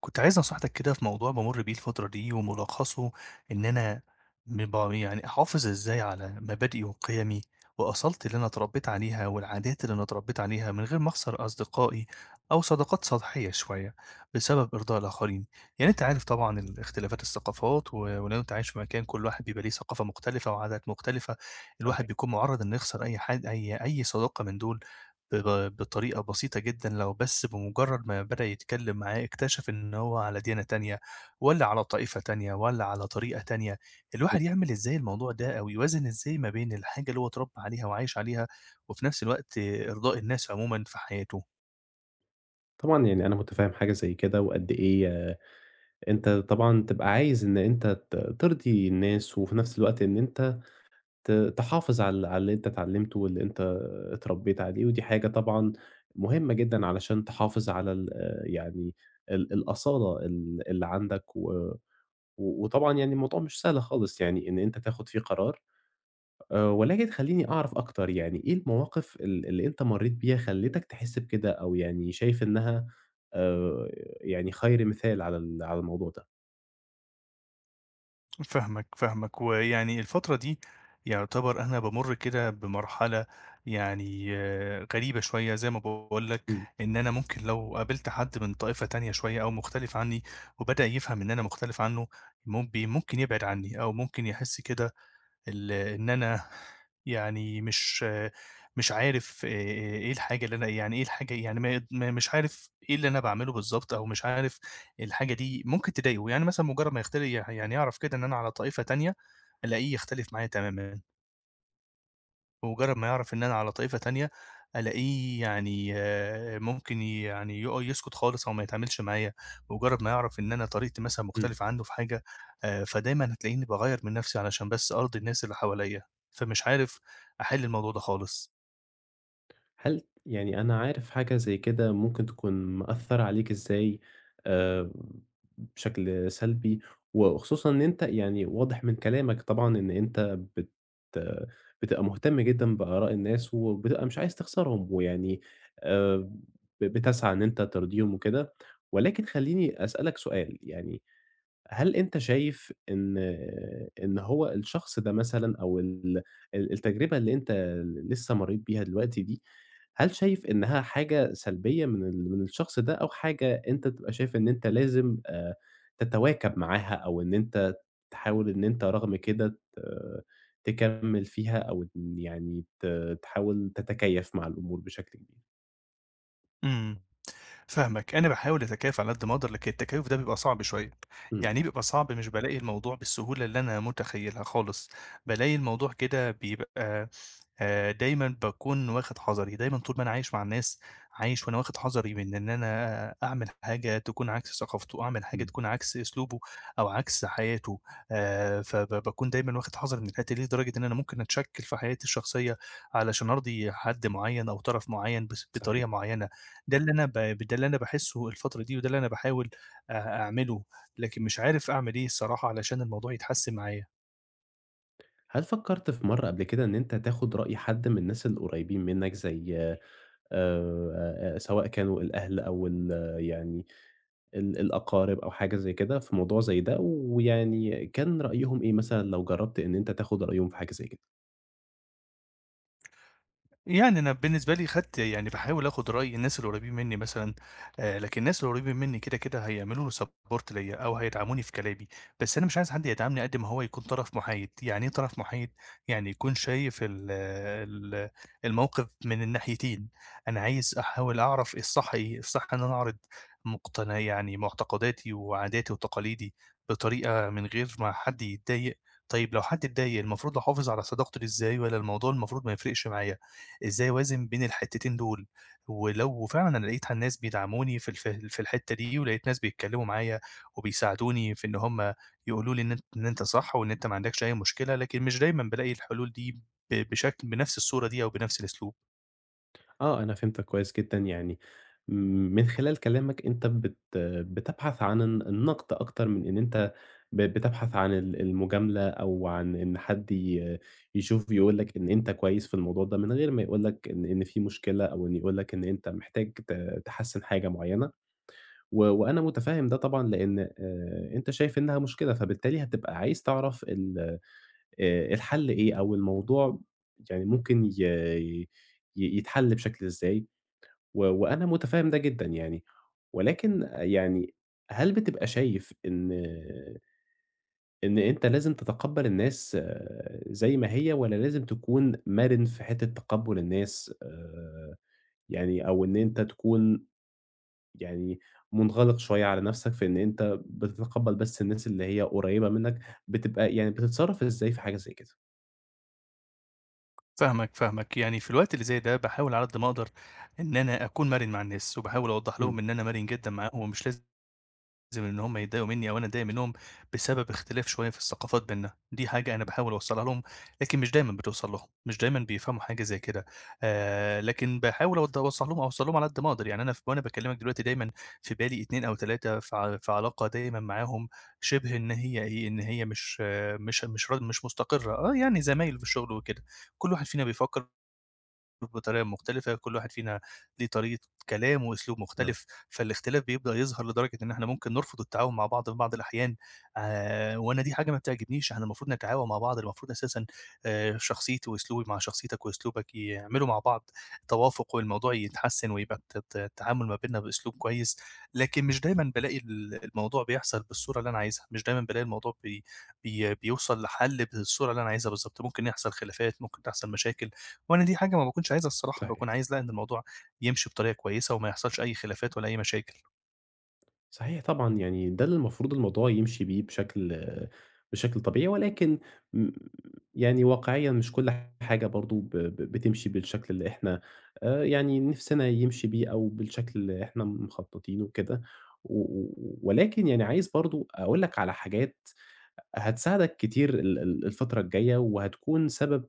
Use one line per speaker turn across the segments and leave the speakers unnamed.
كنت عايز نصحيتك كده في موضوع بامُر بيه الفترة دي وملّخصه إن أنا مبا يعني أحافظ إزاي على مبادئي وقيَمي وأصالتي اللي أنا اتربّيت عليها والعادات اللي أنا اتربّيت عليها من غير ما أخسر أصدقائي أو صداقات سطحية شوية بسبب إرضاء الآخرين، يعني أنت عارف طبعًا ال إختلافات الثقافات و ولو أنت عايش في مكان كل واحد بيبقى ليه ثقافة مختلفة وعادات مختلفة الواحد
[unintelligible]
بيكون مُعرّض إن يخسر أي حد أي أي صداقة من دُول ب ب بطريقة بسيطة جدًا لو بس بمُجرّد ما بدأ يتكلّم معاه اكتشف إن هو على ديانة تانية والّا على طائفة تانية والّا على طريقة تانية، الواحد
[unintelligible]
يعمل إزاي الموضوع ده؟ أو يوازن إزاي ما بين الحاجة اللي هو اتربى عليها وعايش عليها، وفي نَفْس الوقت إرضاء الناس عمومًا في حياته؟
طبعًا يعني أنا متفهّم حاجة زي كده وقد إيه ي أنت طبعًا تبقى عايز إن أنت ت ترضي الناس، وفي نَفْس الوقت إن أنت ت تحافظ على ال على اللي أنت اتعلّمته واللي أنت اتربّيت عليه، ودي حاجة طبعًا مهمّة جدًا علشان تحافظ على ال آآ يعني ال الأصالة ال اللي عَندك و و وطبعًا يعني الموضوع مش سهل خالص يعني إن أنت تاخُد فيه قرار، آآ ولكن خلّيني أعرف أكتر يعني، إيه المواقف ال اللي أنت مرّيت بيها خلِّتك تحسّ بكده أو يعني شايف إنها آآ يعني خير مثال على ال على الموضوع ده؟
فاهمك، فاهمك ويعني الفترة دي يُعتبر أنا بامُرّ كده بمرحلة يعني غريبة شوية زي ما باقول لك،
إمم.
إن أنا ممكن لو قابلت حد من طائفة تانية شوية أو مختلف عنّي وبدأ يفهم إن أنا مختلف عنّه مب ممكن يبعد عنّي أو ممكن يحس كده ال إن أنا يعني مش مش عارف إيه الحاجة اللي أنا يعني إيه الحاجة يعني ما ي ما مش عارف إيه اللي أنا باعملُه بالضبط أو مش عارف الحاجة دي ممكن تضايقه، يعني مثلًا مُجرّد ما يختل يح يعني يعرف كده إن أنا على طائفة تانية، ألاقيه يختلف معايا تمامًا. بمُجرّد ما يعرف إن أنا على طائفة تانية، ألاقيه يعني ممكن يعني يق يسكت خالص أو ما يتعاملش معايا، بمُجرّد ما يعرف إن أنا طريقتي مثلًا
إمم.
مختلفة عنّه في حاجة آآ، فدايمًا هتلاقيني باغيّر من نَفْسي علشان بس أرضي الناس اللي حواليّا، فمش عارف أحِل الموضوع ده خالص.
هل يعني أنا عارف حاجة زي كده ممكن تكون مأثّرة عليك إزاي آآ، بشكل سلبي و وخصوصًا إن أنت يعني واضح من كلامك طبعًا إن أنت بت بتبقى مُهتم جدًا بآراء الناس، وبتبقى مش عايز تخسرهم ويعني آآ، ب بتسعى إن أنت ترضيهم وكده، ولكن خلّيني أسأل لك سؤال، يعني هل أنت شايف إن إن هو الشخص ده مثلًا أو ال ال التجربة اللي أنت ل لسه مرّيت بيها دلوقتي دي، هل شايف إنّها حاجة سلبية من ال من الشخص ده أو حاجة أنت تبقى شايف إن أنت لازم آآ، تتواكب معاها أو إن أنت تحاول إن أنت رغم كده ت تكمّل فيها أو م يعني ت تحاول تتكيّف مع الأمور بشكل كبير؟
امم، فاهمك. أنا باحاول أتكيّف على قد ما أقدر، لكن التكيُّف ده بيبقى صعب شويّة.
امم.
يعني إيه بيبقى صعب؟ مش بالاقي الموضوع بالسهولة اللي أنا مُتخيّلها خالِص. بالاقي الموضوع كده بيبقى آآ دايمًا باكون واخد حَذَري، دايمًا طول ما أنا عايش مع الناس، عايش وأنا واخِد حَذَري مِن إن أنا آآ أعمل حاجة تكون عكس ثقافتُه، أعمل حاجة
امم.
تكون عكس أسلوبُه، أو عكس حياته، آآ فب باكون دايمَّا واخِد حَذَري مِن الحتّه دي، لدرجة إن أنا ممكن أتشَكِّل في حياتي الشخصية علشان أرضي حد مُعيّن أو طَرَف مُعيّن بس
صحيح.
بطريقة مُعيّنة. ده اللي أنا ب ب ده اللي أنا باحسُّه الفترة دي، وده اللي أنا باحاوِل آآ أعمله، لكن مش عارف أعمل إيه الصراحة علشان الموضوع يتحسّن معايا.
هل فكَّرت في مرّة قبل كده إن أنت تاخُد رأي حَد من الناس القريبين منَّك، زي آآ سواء كانوا الأهل أو ال يعني ال الأقارب، أو حاجة زي كده في موضوع زي ده؟ ويعني كان رأيهم إيه مثلًا لو جرّبت إن أنت تاخُد رأيهم في حاجة زي كده؟
يعني أنا بالنسبة لي خَدت يعني باحاول آخُد رأي الناس اللي قريّبين مني مثلًا، آآ لكن الناس اللي قريبين مني كده كده هيعملوا لي support ليَّ، أو هيدعَموني في كلامي. بس أنا مش عايز حد يدعَمني قد ما هو يكون طَرَف مُحايد، يعني إيه طرَف مُحايد؟ يعني يكون شايف ال ال الموقِف من الناحيتين. أنا عايز أحاوِل أعرَف الصحّ إيه، الصحّ إن أنا أعرض مقتن يعني معتقداتي وعاداتي وتقاليدي بطريقة من غير ما حد يتضايق. طيّب لو حد اتضايق المفروض أحافظ على صداقتي بِيه إزاي؟ والّا الموضوع المفروض ما يفرِقش معايا؟ إزاي أوازِن بين الحتّتين دول؟ ولو فعلًا لقيت ح الناس بيدعَموني في ال في ال في الحِتّة دي ولقيت ناس بيتكلّموا معايا، وبيساعدوني في إن هُم يقولوا لي إن أن إن أنت صح، وإن أنت ما عندَكش أي مشكلة، لكن مش دايمًا بالاقي الحلول دي ب بشكل بنَفْس الصورة دي، أو بنَفْس الأسلوب.
آه، أنا فهمتك كويس جدًا، يعني من خلال كلامك، أنت بت بتبحث عن الن النَقْد أكتر من إن أنت ب بتبحث عن ال المُجاملة أو عن إن حد ي يشوف ويقول لك إن أنت كويس في الموضوع ده من غير ما يقول لك إن إن في مشكلة أو إن يقول لك إن أنت محتاج ت تحسّن حاجة معيّنة. و وأنا مُتفاهم ده طبعًا، لإن آآ، أنت شايف إنّها مشكلة، فبالتالي هتبقى عايز تعرف ال آآ، الحَل إيه، أو الموضوع يعني ممكن ي ي يتحَل بشكل إزاي و وأنا مُتفهم ده جدًا يعني. ولكن يعني هل بتبقى شايف إن إن أنت لازم تتقبَّل الناس زي ما هي، والّا لازم تكون مَرِن في حتّة تقبُّل الناس، آآ، يعني أو إن أنت تكون يعني مُنغلِق شوية على نَفْسك، في إن أنت بتتقبَّل بس الناس اللي هي قريّبة منّك، بتبقى يعني بتتصرّف إزاي في حاجة زي كده؟
فاهمك، فاهمك. يعني في الوقت اللي زي ده، باحاول على قد ما أقدر إن أنا أكون مَرِن مع الناس وباحاول أوضّح
إمم.
لهم إن أنا مَرِن جدًا معاهم ومش لازم إن هم يضايقوا منّي أو أنا أضايق منّهم بسبب اختلاف شوية في الثقافات بيننا، دي حاجة أنا باحاول أوصّلها لهم، لكن مش دايمًا بتوصل لهم، مش دايمًا بيفهموا حاجة زي كده. آآ، لكن باحاول أوض أوصّل لهم أوصّل لهم على قد ما أقدر، يعني أنا ف وأنا باكلِّمك دلوقتي دايمًا في بالي 2 أو 3، ف في علاقة دايمًا معاهم شِبه إن هي إيه، إن هي مش مش مش ر مش مستقرّة. آه، يعني زمايل في الشُغل وكده، كل واحد فينا بيفكّر بطريقة مختلفة، كل واحد فينا ليه طريقة كلام وأسلوب
آه.
مختلف، فالاختلاف بيبدأ يظهر لدرجة إن إحنا ممكن نرفُض التعاون مع بعض في بعض الأحيان آآ، وأنا دي حاجة ما بتعجبنيش، إحنا المفروض نتعاون مع بعض، المفروض أساسًا آآ، شخصيتي وأسلوبي مع شخصيتك وأسلوبك يعملوا مع بعض توافُق والموضوع يتحسِّن ويبقى الت ت التعامل ما بيننا بأسلوب كويس، لكن مش دايمًا بالاقي ال الموضوع بيحصل بالصورة اللي أنا عايزها، مش دايمًا بالاقي الموضوع بي بي بيوصل لحَل بالصورة اللي أنا عايزها بالضبط، ممكن يحصل خلافات، ممكن تحصل مشاكل، وأنا دي حاجة ما باكنش عايزها الصراحة،
صحيح.
باكون عايز لأ إن الموضوع يمشي بطريقة كويسة وما يحصلش أي خلافات ولا أي مشاكل.
صحيح، طبعًا يعني ده اللي المفروض الموضوع يمشِي بيه بشكل، بشكل طبيعي ولكن يعني واقعيًا مش كُلّ حاجة برضه ب ب بتمشِي بالشكل اللي إحنا آآ، يعني نِفسنا يمشِي بيه أو بالشكل اللي إحنا مخططينه وكده، و و ولكن يعني عايز برضه أقول لك على حاجات هتساعدك كتير ال ال الفترة الجاية، وهتكُون سبب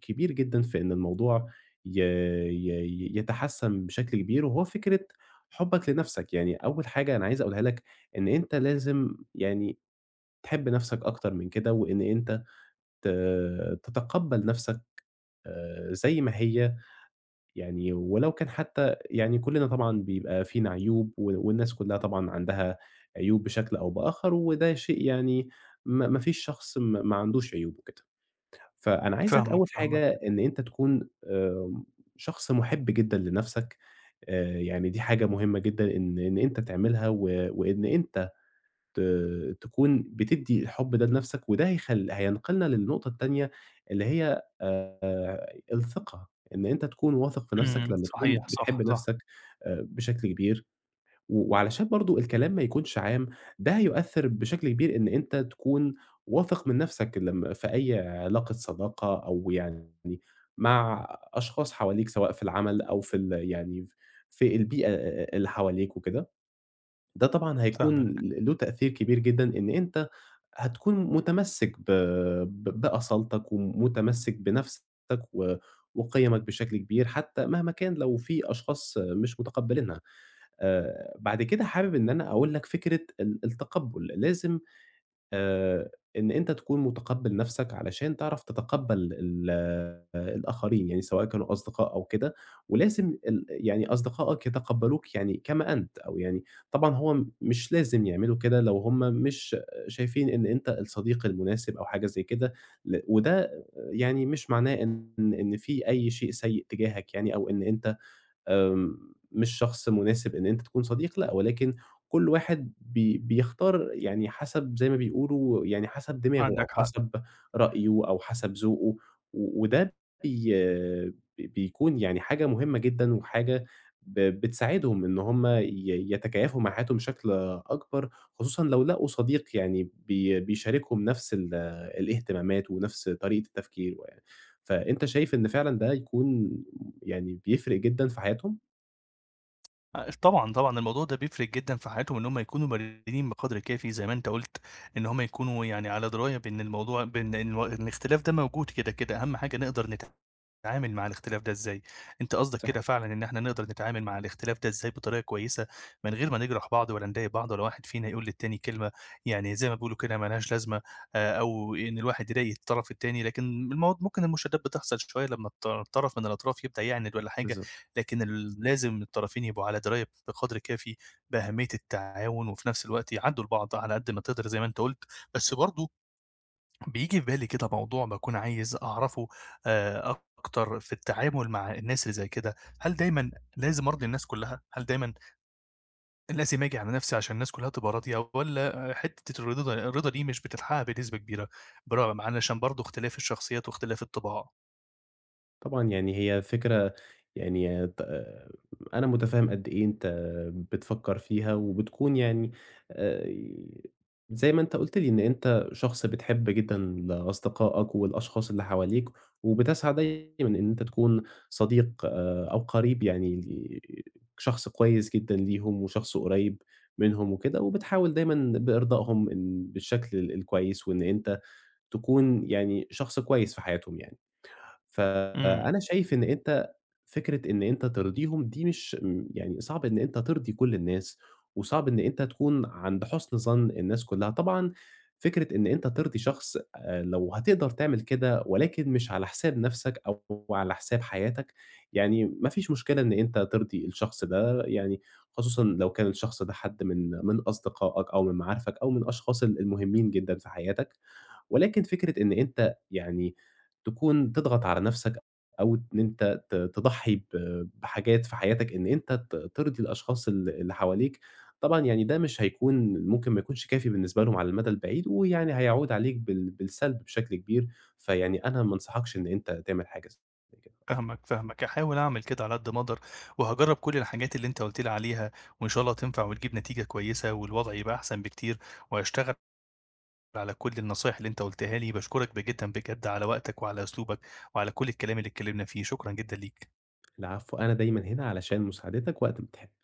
كبير جدًا في إن الموضوع ي ي ي يتحسِّن بشكل كبير وهو فكرة حُبك لنَفْسك، يعني أول حاجة أنا عايز أقولها لك إن أنت لازم يعني تحب نَفْسك أكتَر من كده، وإن أنت ت تتقبّل نَفْسك آآ، زَي ما هي، يعني ولو كان حتى يعني كُلّنا طبعًا بيبقى فينا عيوب و والناس كُلّها طبعًا عندها عيوب بشكل أو بآخر، وده شيء يعني ما ما فيش شخص ما ما عندوش عيوب وكده. فأنا عايزك
فاهمك
أول حاجة
فاهمك.
إن أنت تكُون آمم شخص مُحب جدًا لنَفْسك آآ، يعني دي حاجة مهمة جدًا إن إن أنت تعملها و وإن أنت ت تكُون بتدّي الحب ده لنَفْسك وده هيخلّ هينقْلنا للنقطة التانية اللي هي آآ، الثقة، إن أنت تكُون واثق في نَفْسك
إمم،
لمّا تكُون
صحيح
بتحب
صح، صح.
نَفْسك بشكل كبير و وعلشان برضه الكلام ما يكُونش عام ده هيؤثّر بشكل كبير إن أنت تكُون واثق من نَفْسك لمّا في أي علاقة صداقة أو يعني مع أشخاص حواليك سواء في العمل أو في ال يعني في البيئة اللي حواليك وكده، ده طبعًا هيكُون
فاهمك.
ل له تأثير كبير جدًا إن أنت هتكُون مُتمسِّك ب ب بأصالتك ومُتمسِّك بنَفْسك و وقِيَمك بشكل كبير حتى مهما كان لو في أشخاص مش متقبّلينها آآ، بعد كده حابب إن أنا أقول لك فكرة ال التقبُّل لازم آآ، إن أنت تكُون مُتقبِّل نَفْسك علشان تعرَف تتقبّل ال الآخرين يعني سواء كانوا أصدقاء أو كده، ولازم ال يعني أصدقائك يتقبّلوك يعني كما أنت أو يعني طبعًا هو مش لازم يعملوا كده لو هُم مش شايفين إن أنت الصديق المناسب أو حاجة زَي كده ل وده يعني مش معناه إن، إن في أي شيء سيء تجاهك يعني أو إن أنت آآ، مش شخص مناسب إن أنت تكُون صديق لأ، ولكن كُلّ واحد بي بيختار يعني حَسَب زَي ما بيقولوا يعني حَسَب دماغه، أو
عندك حق.
حَسَب رأيُه أو حَسَب ذوقُه و وده بي بيكُون يعني حاجة مهمة جدًا وحاجة ب بتساعدهم إن هُم ي يتكيّفوا مع حياتهم بشكل أكبَر، خصوصًا لو لقوا صديق يعني بي بيشاركهم نَفْس ال الإهتمامات ونَفْس طريقة التفكير يعني، فأنت شايف إن فعلًا ده يكُون يعني بيفرِق جدًا في حياتهم؟
آآ طبعًا، طبعًا الموضوع ده بيفرِق جدًا في حياتهُم، إن هُم يكونوا مرنين بقدْر كافي، زي ما أنت قُلت، إن هُم يكونوا يعني على دراية بإن الموضوع بإن إن الاختلاف ده موجود كده، كده. أهم حاجة نقدَر نتعامل مع الاختلاف ده إزاي. أنت قصدك كده
صحيح.
فعلًا، إن إحنا نقدَر نتعامل مع الاختلاف ده إزاي بطريقة كويّسة، من غير ما نجرَح بعض، ولا نضايق بعض، ولا واحد فينا يقول للتاني كلمة، يعني زي ما بيقولوا كده، مالهاش لازمة، آآ أو إن الواحد يضايق الطرَف التاني. لكن المو ممكن المشادّات بتحصَل شويّة لمّا الط طرَف من الأطراف يبدأ يعاند والّا حاجة،
بالضبط.
لكن ال لازم الطرفين يبقوا على دراية بقدْر كافي بأهمية التعاون، وفي نَفْس الوقت يعدّوا لبعض على قد ما تقدَر، زي ما أنت قُلت، بس برضه بييجي في بالي كده موضوع باكون عايز أعرَفه آآ أكتر في التعامل مع الناس اللي زي كده. هل دايمًا لازم أرضِي الناس كلّها، هل دايمًا لازم آجي على نَفْسي عشان الناس كلّها تبقى راضية، والّا حِتّة الرضا ده الرضا دي مش بتتحقّق بنسبة كبيرة، برغم علشان برضه اختلاف الشخصيات واختلاف الطباع؟
طبعًا يعني هي فكرة يعني ت أنا متفهّم قد إيه أنت بتفكّر فيها، وبتكُون يعني آآ، زي ما أنت قُلت لي إن أنت شخص بتحِب جدًا ل أصدقاءك والأشخاص اللي حواليك، وبتسعى دايمًا إن أنت تكُون صديق آآ أو قرِيب يعني شخص كويس جدًا ليهُم، وشخص قريّب منهُم وكده، وبتحاول دايمًا بإرضائهم بالشكل ال الكويّس وإن أنت تكُون يعني شخص كويّس في حياتهُم يعني.
إمم.
فأنا شايف إن أنت فكرة إن أنت ترضيهم دي مش، يعني صعب إن أنت ترضي كل الناس، وصعب إن أنت تكُون عند حُسن ظَن الناس كلّها. طبعًا فكرة إن أنت ترضي شخص، آآ، لو هتقدَر تعمل كده، ولكن مش على حساب نَفْسك أو على حساب حياتك، يعني ما فيش مشكلة إن أنت ترضي الشخص ده، يعني خصوصًا لو كان الشخص ده حد من من أصدقاءك أو من معارفك أو من الأشخاص ال المهمّين جدًا في حياتك، ولكن فكرة إن أنت يعني تكون تضغَط على نَفْسك أو إن أنت ت تضحّي ب بحاجات في حياتك، إن أنت ت ترضِي الأشخاص ال اللي حواليك، طبعًا يعني ده مش هيكون، ممكن ما يكونش كافي بالنسبة لهُم على المدى البعيد، ويعني هيعُود عليك بال بالسلْب بشكل كبير، فيعني أنا ما أنصحَكش إن أنت تعمل حاجة زي كده.
فاهمك، فاهمك. هاحاول أعمل كده على قد ما أقدَر، وهاجرّب كل الحاجات اللي أنت قُلت لي عليها، وإن شاء الله تنفَع وتجيب نتيجة كويّسة، والوضع يبقى أحسن بكتير، وهاشتغل على كل النصايح اللي أنت قُلتها لي. باشكرك ب جدًا بجد على وقتك وعلى أسلوبك وعلى كل الكلام اللي اتكلّمنا فيه. شكرًا جدًا ليك.
العفو، أنا دايمًا هنا علشان مساعدتك وقت ما تحب.